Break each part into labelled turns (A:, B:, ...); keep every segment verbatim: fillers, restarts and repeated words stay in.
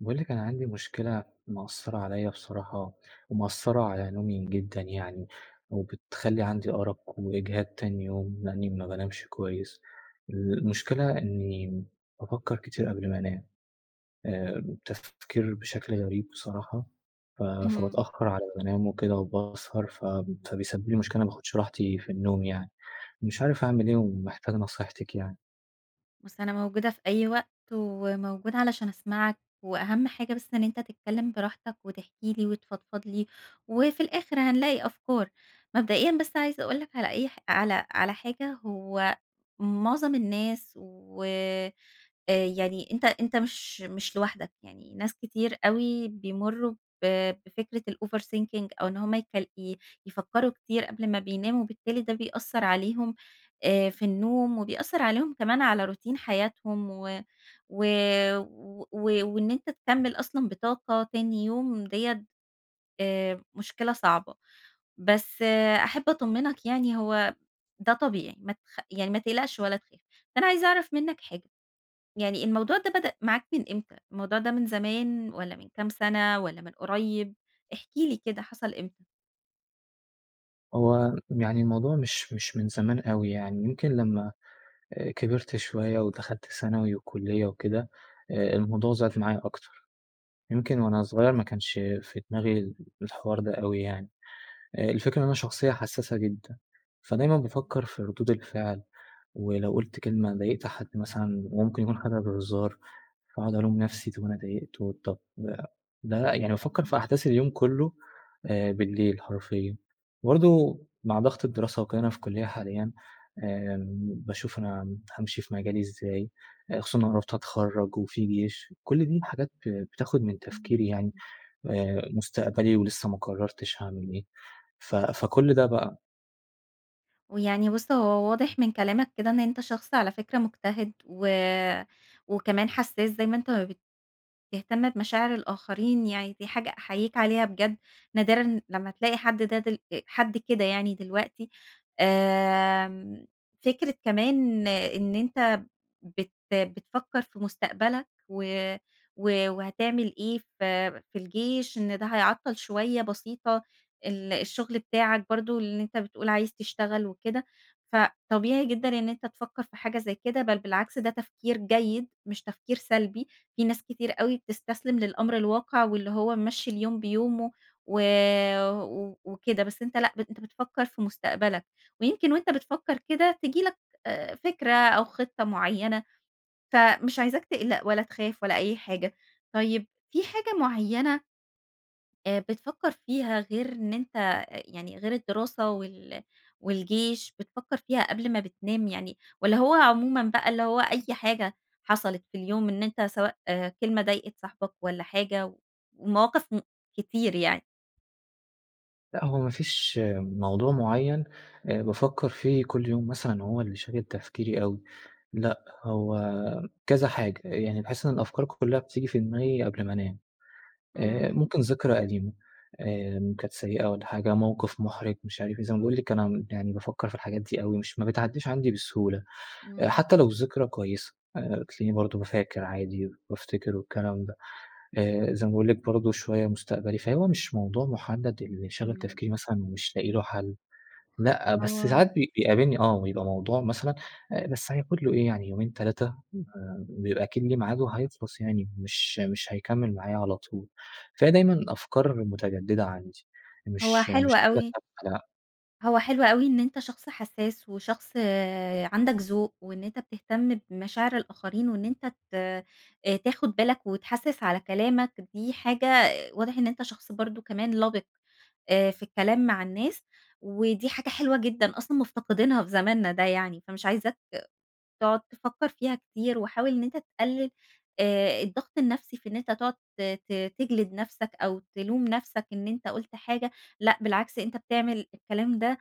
A: باقول لِك، أنا عندي مشكلة مأثرة عليا بصراحة، ومأثرة على نومي جدًا، يعني وبتخلّي عندي أرق وإجهاد تاني يوم، لأني ما بانامش كويس. المشكلة إني بافكر كتير قبل ما أنام، آآ، تفكير بشكل غريب بصراحة، ف
B: اهم.
A: فباتأخر على ما بانام وكده وباسهر، ف فبيسبب لي مشكلة، ما باخدش راحتي في النوم يعني. مش عارف أعمل إيه ومحتاج نصيحتك يعني.
B: بُص، أنا موجودة في أي وقت، وموجودة علشان أسمعك، وأهم حاجة بس إن أنت تتكلم براحتك وتحكي لي وتفضفض لي، وفي الآخر هنلاقي أفكار. مبدئيًا بس، عايزة أقول لك على أي ح على على حاجة، هو معظم الناس، و آآ، يعني أنت أنت مش مش لوحدك يعني، ناس كتير أوي بيمرّوا ب بفكرة الoverthinking أو إن هم يك ي يفكروا كتير قبل ما بيناموا، وبالتالي ده بيأثر عليهم آآ، في النوم، وبيأثر عليهم كمان على روتين حياتهم، و و و و وإن أنت تكمل أصلًا بطاقة تاني يوم، ديّة آآ، مشكلة صعبة. بس، أحب أطمنك يعني، هو ده طبيعي، ما تخ يعني ما تقلقش ولا تخاف. فأنا عايزة أعرف منك حاجة، يعني الموضوع ده بدأ معاك من إمتى؟ الموضوع ده من زمان، والّا من كام سنة، والّا من قريب؟ احكِ لي كده، حصل إمتى؟
A: هو يعني الموضوع مش مش من زمان أوي، يعني يمكن لمّا كبرت شوية ودخلت ثانوي وكُلية وكده آآ الموضوع زاد ف معايا أكتر. يمكن وأنا صغير ما كانش في دماغي ال الحوار ده أوي يعني. آآ الفكرة إن أنا شخصية حساسة جدًا،
B: إمم.
A: فدايمًا بافكَر في ردود الفعل، ولو قُلت كلمة، ضايقت حد مثلًا ممكن يكون حاجة بهزار فأقعد ألوم نفسي طب أنا ضايقته، طب ده يعني بافكَر في
B: إمم.
A: أحداث اليوم كلّه آآ بالليل حرفيًا. برضه مع ضغط الدراسة وكده أنا في كُلية حاليًا، آمم، باشوف أنا هامشي في مجالي إزاي، خصوصًا إن أنا قربت أتخرج وفي جيش، كل دي الحاجات ب بتاخد من تفكيري
B: إمم،
A: يعني،
B: [unintelligible]
A: آآ مستقبلي ولسّه ما قررتش هاعمل إيه، ف فكلّ ده بقى.
B: ويعني بُص هو واضح من كلامك كده إن أنت شخص على فكرة مجتهد و وكمان حساس زي ما أنت ما بتهتم بمشاعر الآخرين يعني، دي حاجة أحييك عليها بجد، نادرًا لمّا تلاقي حد ده دل آآ حد كده يعني دلوقتي. آمم، فكرة كمان إن أنت بت بتفكر في مستقبلك و و وهتعمل إيه في في الجيش إن ده هيعطَّل شوية بسيطة، ال الشغل بتاعك برضه اللي أنت بتقول عايز تشتغل وكده. فطبيعي جدًا إن أنت تفكَر في حاجة زي كده، بل بالعكس، ده تفكير جيد مش تفكير سلبي، في ناس كتير أوي بتستسلم للأمر الواقع واللي هو ممشي اليوم بيومه و و وكده، بس أنت لأ بت أنت بتفكر في مستقبلك، ويمكن وأنت بتفكر كده تيجي لك آآ فكرة أو خطة مُعيّنة فمش عايزاك تقلق ولا تخاف ولا أي حاجة. طيب في حاجة مُعيّنة آآ بتفكر فيها غير إن أنت يعني غير الدراسة وال والجيش بتفكر فيها قبل ما بتنام يعني والّا هو عمومًا بقى اللي هو أي حاجة حصلت في اليوم إن أنت سواء كلمة ضايقت صاحبك والّا حاجة و ومواقف م كتير يعني؟
A: لأ هو ما فيش موضوع معيّن أ بافكّر فيه كل يوم مثلًا هو اللي شاغل تفكيري أوي. لأ، هو كذا حاجة. يعني باحس إن الأفكار كُلّها بتيجي في دماغي قبل ما أنام. آآ
B: إمم.
A: ممكن ذكرى قديمة آمم كانت سيئة والّا حاجة، موقف مُحرِج مش عارف إيه. زي ما باقول لِك أنا يعني بافكّر في الحاجات دي أوي مش ما بتعدّيش عندي بسهولة. أ
B: إمم.
A: حتّى لو الذكرى كويسة، آآ تلاقيني برضه ب فاكر عادي بافتكر والكلام ده. آآ زي ما باقول لِك برضه شوية مستقبلي، فهو مش موضوع مُحدَّد اللي شاغل
B: إمم.
A: تفكيري مثلًا ومش لاقي
B: إمم.
A: له حل. لأ، بس
B: هو
A: ساعات بي بيقابلني آه. بيبقى موضوع مثلًا أ بس هياخُد له إيه يعني يومين تلاتة ما بيبقى أكيد ليه ميعاد وهيخلص يعني مش مش هيكمّل معايا على طول. فهي دايمًا أفكار مُتجدِّدة عندي
B: هو
A: مش
B: حلو
A: مش حاجة
B: أوي
A: ثابتة لأ.
B: هو حلو أوي إن أنت شخص حسّاس، وشخص عندك ذوق، وإن أنت بتهتم بمشاعر الآخرين وإن أنت ت أ تاخُد بالك وتحسّس على كلامك، دي حاجة واضح إن أنت شخص برضه كمان لَبِق آآ في الكلام مع الناس. ودي حاجة حلوة جدًا أصلًا مُفتقدينها في زماننا ده يعني. فمش عايزاك تقعد تفكّر فيها كتير، وحاول إن أنت تقلِّل آآ الضغط النفسي في إن أنت تقعد ت ت تِجلِد نفسك، أو تلوم نفسك إن أنت قُلت حاجة لأ بالعكس، أنت بتعمل الكلام ده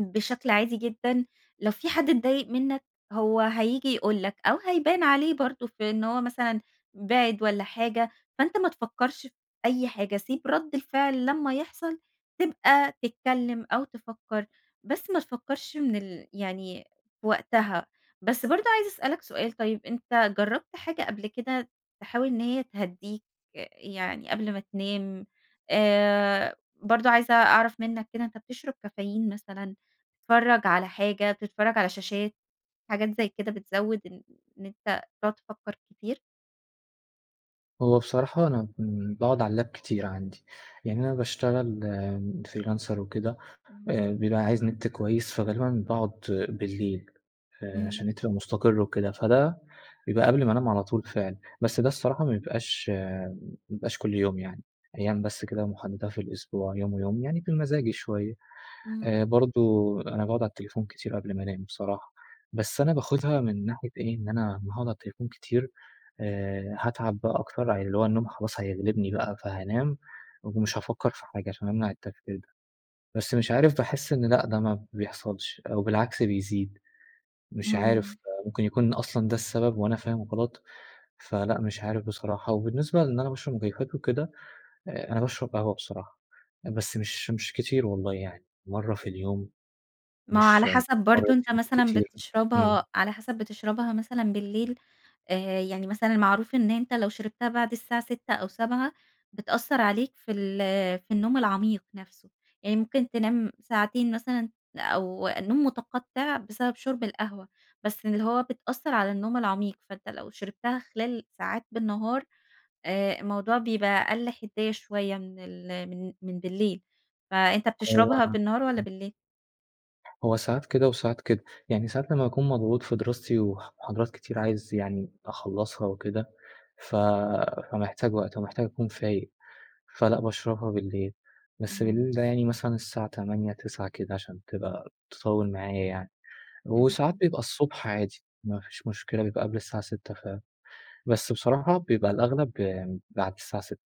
B: بشكل عادي جدًا. لو في حد اتضايق منّك هو هييجي يقول لك أو هيبان عليه برضه في إن هو مثلًا بِعِد والّا حاجة، فأنت ما تفكّرش في أي حاجة. سيب رَد الفعل لمّا يحصل، تبقى تتكلّم أو تفّكر. بس ما تفكّرش من ال يعني في وقتها. بس برضه عايزة أسألك سؤال طيب، أنت جرّبت حاجة قبل كده تحاول إن هي تهدّيك أ يعني قبل ما تنام؟ آآ برضه عايزة أعرف منّك كده أنت بتشرب كافيين مثلًا، بتتفرّج على حاجة، بتتفرّج على شاشات حاجات زي كده بتزوِّد إن إن أنت تقعد تفكّر كتير؟
A: هو بصراحة أنا كن باقعد على اللاب كتير عندي، يعني أنا باشتغل freelancer وكده،
B: إمم.
A: آآ بيبقى عايز نت كويس، فغالبًا باقعد بالليل آآ، عشان
B: إمم.
A: النت يبقى مستقر وكده، فده بيبقى قبل ما أنام على طول فعلًا. بس ده الصراحة ما بيبقاش ما بيبقاش كل يوم، يعني أيام بس كده محددة في الأسبوع، يوم ويوم، يعني بمزاجي شوية.
B: إمم.
A: آآ، برضه أنا باقعد على التليفون كتير قبل ما أنام بصراحة، بس أنا باخدها من ناحية إيه، إن أنا أما هاقعد على التليفون كتير، آآ، هاتعب بقى أكتر، ع اللي هو النوم خلاص هيغلبني بقى، فهانام ومش هافكر في حاجة، عشان أمنع التفكير ده. بس مش عارف، باحس إن لأ، ده ما بيحصلش، أو بالعكس بيزيد، مش عارف.
B: إمم.
A: ممكن يكون أصلًا ده السبب وأنا فاهم غلط، فلأ مش عارف بصراحة. وبالنسبة لأن أنا باشرب مكيفات وكده، أنا باشرب قهوة بصراحة، بس مش مش كتير والله، يعني مرة في اليوم.
B: ما هو
A: مش
B: على حسب برضه أنت
A: مرتين
B: مثلًا
A: بالكتير، إمم.
B: بتشربها على حسب بتشربها مثلًا بالليل؟ آآ، يعني مثلًا معروف إن أنت لو شربتها بعد الساعة ستة أو سبعة بتأثر عليك في ال في النوم العميق نفسه. يعني ممكن تنام ساعتين مثلًا، أو النوم متقطع بسبب شرب القهوة، بس اللي هو بتأثر على النوم العميق. فأنت لو شربتها خلال ساعات بالنهار، آآ الموضوع بيبقى أقل حدية شوية من ال من من بالليل. فأنت
A: هو
B: بتشربها بالنهار والّا بالليل؟
A: هو ساعات كده وساعات كده. يعني ساعات لمّا باكون مضغوط في دراستي وح محاضرات كتير عايز يعني أخلّصها وكده، ف فمحتاج وقت ومحتاج أكون فايق. فلأ باشربها بالليل. بس
B: اهم.
A: بالليل ده يعني مثلًا الساعة تمانية، تسعة كده عشان تبقى تطوِّل معايا يعني. وساعات
B: اهم.
A: بيبقى الصبح عادي. ما فيش مشكلة بيبقى قبل الساعة ستة ف بس بصراحة بيبقى الأغلب بعد الساعة ستة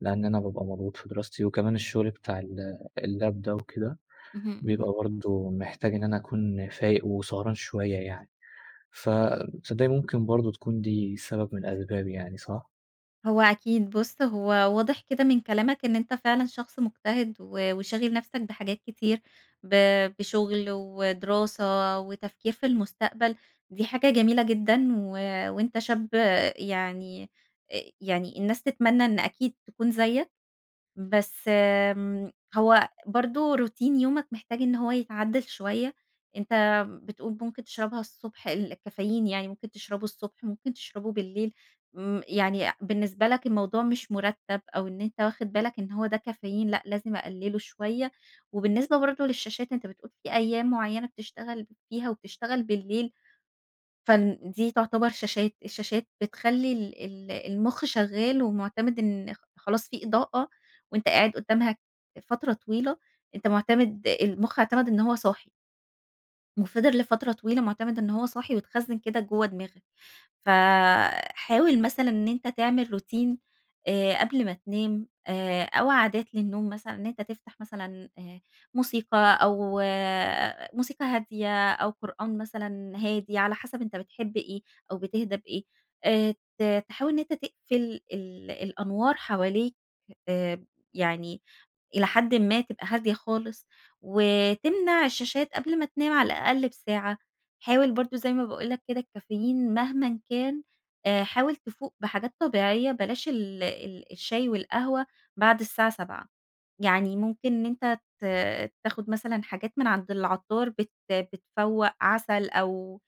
A: لإن أنا بابقى مضغوط في دراستي وكمان الشغل بتاع ال اللاب ده وكده،
B: اهم،
A: بيبقى
B: اهم.
A: برضه محتاج إن أنا أكون فايق وسهران شوية يعني. ف تصدّقي ممكن برضه تكون دي سبب من أسباب يعني صح؟
B: هو أكيد بُصّ، هو واضح كده من كلامك إن أنت فعلًا شخص مجتهد و وشاغل نفسك بحاجات كتير. ب بشغل ودراسة وتفكير في المستقبل، دي حاجة جميلة جدًا. و وأنت شاب يعني أ يعني الناس تتمنى إن أكيد تكون زيك. بس، آمم، هو برضه روتين يومك محتاج إن هو يتعدِّل شويّة. أنت بتقول ممكن تشربها الصبح ال الكافيين يعني ممكن تشربه الصبح ممكن تشربه بالليل. م يعني بالنسبة لك الموضوع مش مُرتَّب أو إن أنت واخِد بالك إن هو ده كافيين لأ، لازم أقلِّله شويّة. وبالنسبة برضه للشاشات، أنت بتقول في أيّام معيّنة بتشتغل فيها وبتشتغل بالليل، فن دي تعتبر شاشات. الشاشات بتخلّي ال ال المُخ شغّال ومُعتمِد إن خلاص في إضاءة وأنت قاعد قدّامها فترة طويلة، أنت مُعتمِد المُخ اعتمَد إن هو صاحي. وفضل لفترة طويلة مُعتمد إن هو صاحي واتخزِّن كده جوّه دماغك. ف حاول مثلًا إن أنت تعمل روتين آآ قبل ما تنام آآ أو عادات للنوم مثلًا إن أنت تفتح مثلًا آآ موسيقى، أو موسيقى هادية أو قرآن مثلًا هادي على حسب أنت بتحب إيه أو بتهدى بإيه. آآ ت تحاول إن أنت تقفل ال الأنوار حواليك آآ يعني إلى حدٍ ما تبقى هادية خالص. وتمنع الشاشات قبل ما تنام على الأقل بساعة. حاول برضه زي ما باقول لك كده، الكافيين مهمًا كان أ حاول تفوق بحاجات طبيعيّة بلاش ال ال الشاي والقهوة بعد الساعة سبعة. يعني ممكن إن أنت ت تاخُد مثلًا حاجات من عند العطار بت بتفوَّق. عسل أو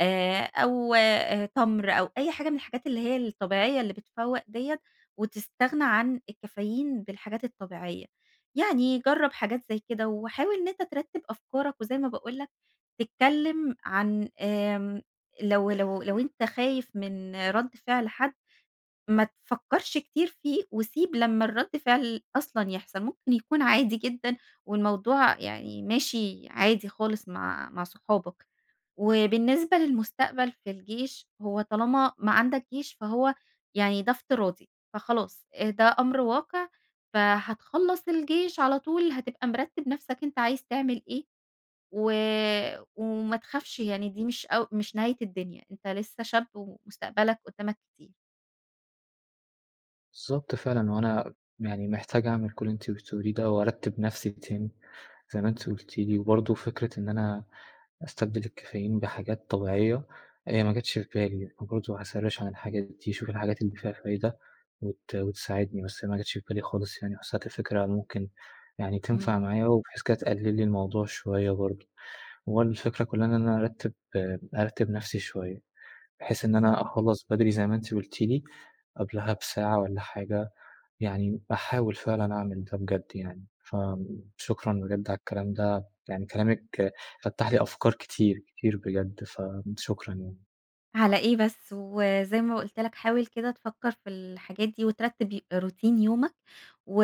B: آآ أو أ تَمْر أو أي حاجة من الحاجات اللي هي الطبيعيّة اللي بتفوق ديّة، وتستغنى عن الكافيين بالحاجات الطبيعيّة. يعني جرّب حاجات زي كده وحاول إن أنت ترتِّب أفكارك، وزي ما باقول لك تتكلّم عن آمم لو لو لو أنت خايف من رد فعل حَد، ما تفكّرش كتير فيه وسيب لمّا الرّد فعل أصلًا يحصل. ممكن يكون عادي جدًا والموضوع يعني ماشي عادي خالص مع مع صحابك. وبالنسبة للمستقبل في الجيش، هو طالما ما عندك جيش فهو يعني ده افتراضي فخلاص. أ ده أمر واقع فهتخلّص الجيش على طول، هتبقى مِرتِّب نفسك أنت عايز تعمل إيه. و وما تخافش، يعني دي مش أو مش نهاية الدنيا. أنت لسّه شاب ومستقبلك قدّامك كتير.
A: بالضبط فعلًا، هو أنا يعني محتاج أعمل كل اللي أنتِ قلتيه لي ده وأرتِب نفسي تاني زي ما أنت قُلتِ لي، وبرضه فكرة إن أنا أستبدل الكافيين بحاجات طبيعية، هي ما جاتش في بالي، فبرضه هأسرِّش عن الحاجات دي، شوف الحاجات اللي فيها فايدة وت وتساعدني، بس ما جاتش في بالي خالص يعني حسيت الفكرة ممكن يعني تنفع
B: امم.
A: معايا وبحيث كده تقلل لي الموضوع شوية برضه. وبرضه الفكرة كلّها إن أنا أرتِب أرتِب نفسي شوية. بحيث إن أنا
B: بالضبط.
A: أخلّص بدري زي ما أنت قُلتِ لي قبلها بساعة والّا حاجة، يعني أحاول فعلًا أعمل ده بجد يعني. فشكرًا بجد على الكلام ده، يعني كلامِك فتَّح لي أفكار كتير كتير بجد، فشكرًا يعني.
B: على إيه بس؟ وزي ما قُلت لك حاول كده تفكَر في الحاجات دي وترتب ي روتين يومك و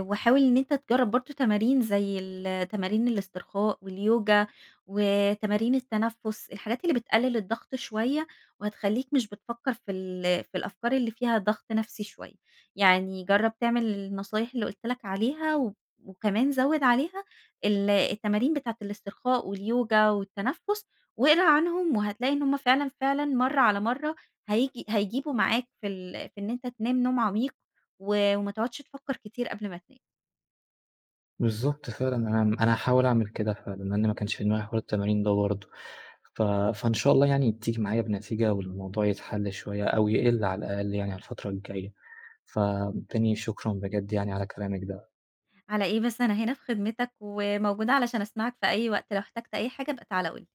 B: وحاول إن أنت تجرب برضه تمارين زي التمارين الاسترخاء واليوجا وتمارين التنفس، الحاجات اللي بتقلل الضغط شوية وهتخلّيك مش بتفكر في ال في الأفكار اللي فيها ضغط نفسي شوية. يعني جرَّب تعمل النصايح اللي قُلت لك عليها و وكمان زود عليها ال التمارين بتاعة الإسترخاء، واليوجا والتنفس واقرا عنهم وهتلاقي إن هم فعلًا فعلًا مرّة على مرّة هييجي هيجيبوا معاك في ال في إن أنت تنام نوم عميق و وما تقعدش تفكَر كتير قبل ما تنام.
A: بالضبط فعلًا، أنا أنا هاحاول أعمل كده فعلًا لأن ما كانش في دماغي حوار التمارين ده برضه. ف فإن شاء الله يعني تيجي معايا بنتيجة والموضوع يتحل شوية أو يقل على الأقل يعني على الفترة الجاية. فتاني شكرًا بجد يعني على كلامِك ده.
B: على إيه بس؟ أنا هنا في خدمتك، وموجودة علشان أسمعك في أي وقت، لو احتجت أي حاجة ابقى تعالَ قُل لي.